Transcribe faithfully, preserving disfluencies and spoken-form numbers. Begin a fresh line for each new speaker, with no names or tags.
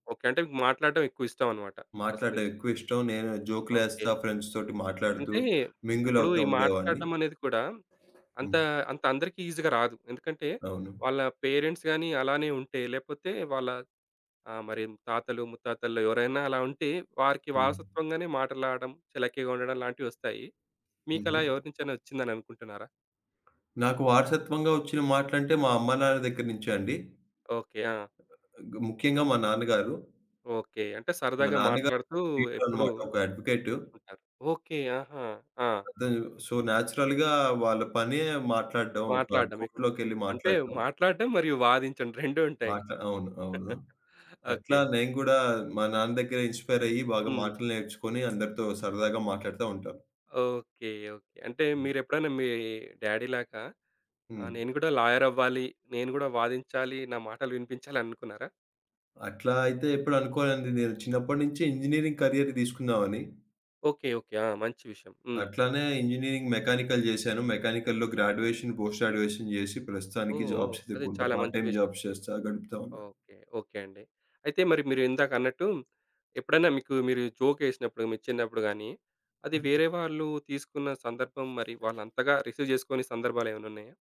Okay. అంటే మాట్లాడ్డం ఎక్కువ ఇష్టం అన్నమాట. ఫస్ట్
మాట్లాడ్డం
నుంచి.
ఎక్కువిష్టం. నేను జోకులేస్తా
ఓకే.
ఫ్రెండ్స్‌తోటి మాట్లాడుతూ
అంటే,
మింగిల్
ఇప్పుడు
అవుతా
ఈ
ఉండేవాడిని.
మాట్లాడ్డం అనేది కూడా అంత,
హ్మ్.
అంత అందరికి ఈజీగా రాదు. ఎందుకంటే,
అవును.
వాళ్ళ పేరెంట్స్ గాని అలానే ఉంటే లేపోతే వాళ్ళ ఆ! మరి తాతలు, ముత్తాతల్లో ఎవరైనా అలా ఉంటే, వారికి
హ్మ్.
వారసత్వంగానే మాటలాడడం, చలాకీగా ఉండడం లాంటివి ఒస్తాయి.
హుహు.
మీకలా ఎవరినుంచైనా ఒచ్చిందని అనుకుంటున్నారా?
నాకు వారసత్వంగా ఒచ్చిన మాటలంటే, మా అమ్మ నాన్న దగ్గర నుంచే అండి.
ఓకే. ఆ!
ముఖ్యంగా మా నాన్నగారు...
ఓకే. అంటే
మా
సరదాగా
నాన్నగారు
మాట్లాడుతూ
ప్లీడర్
ఎప్పుడూ
అనమాట. ఒక అడ్వొకేటు.
ఉంటారు. ఓకే. ఆహా! ఆ!
అది సో నేచురల్‌గా వాళ్ళ‌పనే మాట్లాడ్డం. ఒక
మాట్లాడ్డమే.
కోర్ట్‌లో‌కెళ్లి
అంటే
మాట్లాట్టం.
మాట్లాడ్డం మరియు వాదించడం రెండు ఉంటాయి.
మాట్లా అవును. అవును. అట్లా
ఓకే.
నేను గూడా మా నాన్న దగ్గరె ఇన్‌స్పైర్ అయ్యి బాగా
హ్మ్.
మాటలు నేర్చుకొని అందరితో సరదాగా మాట్లాడుతా ఉంటాను.
Okay, okay. అంటే,
హ్మ్.
మీరెప్పుడన్నా మీ డ్యాడీ లాగా, ఆ
హ్మ్.
నేను గూడా లాయర్ అవ్వాలి. నేను గూడా వాదించాలి, నా మాటలు వినిపించాలి అనుకున్నారా?
అట్లా అయితే ఎప్పుడు అనుకో‌లే‌దండి. నేను చిన్నప్పటినుంచే ఇంజినీరింగ్ కరియర్ దీసుకుందామని.
ఓకే. ఓకే. ఆ! మంచి విషయం. హ్మ్.
అట్లనే ఇంజినీరింగ్ మెకానికల్ జేశాను. మెకానికల్‌లో గ్రాడ్యుయేషన్, పోస్ట్ గ్రాడ్యుయేషన్ జేసి,
ఓహ్!
ప్రస్తుతానికి
ఓహ్!
జాబ్స్
అది
ఎతుక్కుం‌ట,
చాలా
పార్ట్
మంచి
టైమ్
విషయం.
జాబ్స్ జేస్తా గడుపుతావు‌న్నా.
ఓకే. ఓకే అండి. అయితే మరి మీరిందాకన్నట్టు, ఎప్పుడన్నా మీకు మీరు జోకేసినప్పుడు మీ చిన్నప్పుడు గాని, అది వేరే వాళ్ళు తీసుకున్న సందర్భం మరి వాళ్ళంతగా రిసీవ్ జేసుకోని సందర్భాలు ఏమన్నా ఉన్నాయా?